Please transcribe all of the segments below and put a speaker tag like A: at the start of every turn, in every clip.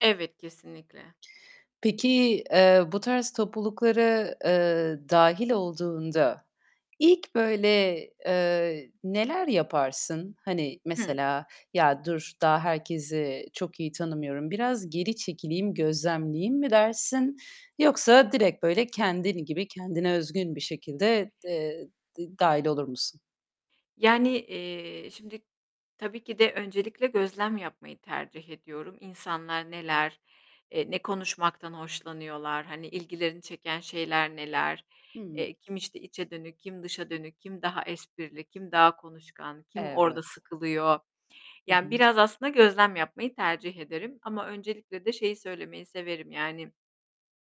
A: Evet, kesinlikle.
B: Peki, eee, bu tarz topluluklara, eee, dâhil olduğunda ilk böyle, eee, neler yaparsın? Hani,
A: Hı.
B: mesela, "Ya dur, daha herkesi çok iyi tanımıyorum. Biraz geri çekileyim, gözlemleyeyim." mi dersin yoksa direkt böyle kendin gibi kendine özgün bir şekilde, eee, d-dâhil olur musun?
A: Yani, eee, şimdi tabii ki de öncelikle gözlem yapmayı tercih ediyorum. İnsanlar neler eee, ne konuşmaktan hoşlanıyorlar, hani, ilgilerini çeken şeyler neler?
B: Hıı.
A: Eee, kim, işte, içe dönük, kim dışa dönük, kim daha esprili, kim daha konuşkan, kim orada
B: Evet.
A: sıkılıyor?
B: Hı
A: Yani,
B: hı.
A: biraz aslında gözlem yapmayı tercih ederim. Ama öncelikle de şeyi söylemeyi severim; yani,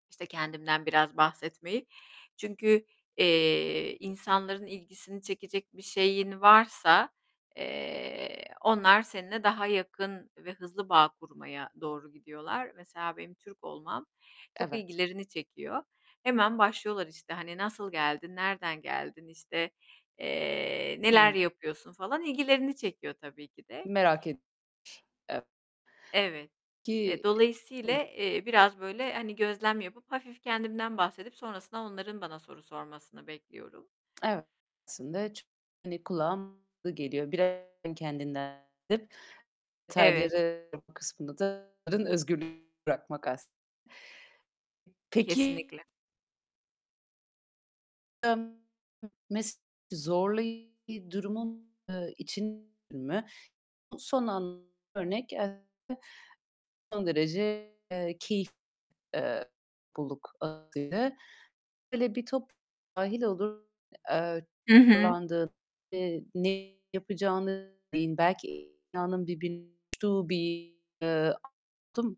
A: işte, kendimden biraz bahsetmeyi. Çünkü, eee, insanların ilgisini çekecek bir şeyin varsa, eee, onlar seninle daha yakın ve hızlı bağ kurmaya doğru gidiyorlar. Mesela benim Türk olmam çok
B: Evet.
A: ilgilerini çekiyor. Hemen başlıyorlar, işte, hani, "Nasıl geldin? Nereden geldin?" İşte, eee, "Neler
B: Hımm.
A: yapıyorsun?" falan ilgilerini çekiyor tabii ki de.
B: Merak et Ev
A: Evet. Eee,
B: Ki hıh.
A: dolayısıyla, eee, biraz böyle, hani, gözlem yapıp hafif kendimden bahsedip sonrasında onların bana soru sormasını bekliyorum.
B: Evet, aslında çok, hani, kulağa geliyor. [unintelligible] Kendinden [unintelligible]
A: Evet.
B: detayları yapma kısmında da [unintelligible] özgürlüğünü bırakmak aslında. Peki
A: Kesinlikle.
B: [unintelligible] Mes zorlayıcı durumun, ııı, için mi? Son an örnek [unintelligible] son derece, eee, keyif Eee, topluluk hâlinde Böyle bir top dâhil olur, eee,
A: Hı hı.
B: [unintelligible] ve ne yapacağını, belki [unintelligible] bir, eee, oldu mu?